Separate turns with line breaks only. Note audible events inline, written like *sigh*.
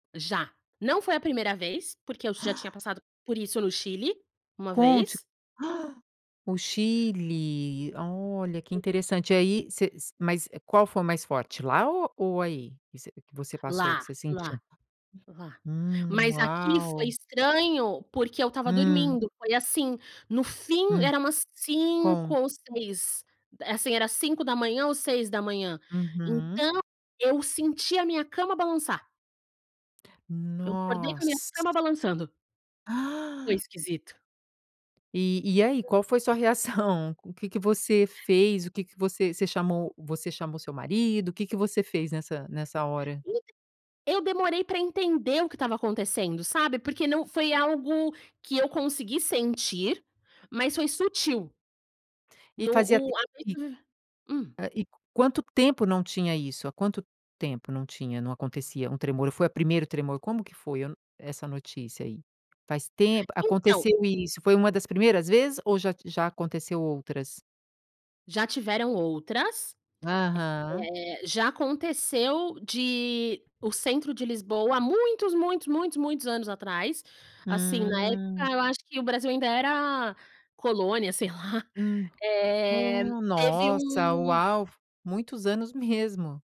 Já. Não foi a primeira vez, porque eu já tinha passado por isso no Chile, uma
Conte, *gasps*
vez.
o Chile, olha que
Hum.
interessante aí você s mas qual foi o mais forte, lá ou ou aí, que você que você passou que
Lá,
você sentiu?
lá, lá.
Hum,
Mas aqui foi
uau.
estranho porque eu estava
Hum.
dormindo, foi assim, no fim
Hum,
era umas
com.
5 ou 6, assim era 5h00 ou 6h00.
Uhum.
Então, eu senti a minha cama balançar. Eu acordei com a minha
Nossa.
cama balançando. Foi
*gasps*
esquisito.
E, e aí?
Hum.
Qual foi sua reação? O que que você fez? O que que você, você chamou você chamou o seu marido? O que que você fez nessa nessa hora?
*unintelligible* Eu demorei pra entender o que estava acontecendo, sabe, porque não foi algo que eu consegui sentir, mas foi sutil.
E
No,
fazia
o
tempo que
*unintelligible* hum?
e quanto tempo não tinha isso, há quanto tempo não tinha, não acontecia um tremor, foi o primeiro tremor, como que foi eu não, essa notícia aí? Faz tempo
Então.
aconteceu isso, foi uma das primeiras vezes ou já t já aconteceu outras?
Já tiveram outras,
Aham.
eh, já aconteceu de, o centro de Lisboa há muitos, muitos, muitos, muitos anos atrás assim, na
Hum.
época eu acho que o Brasil ainda era colônia, sei lá,
Hum,
eh,
hum,
teve
nossa,
um
uau, muitos anos mesmo.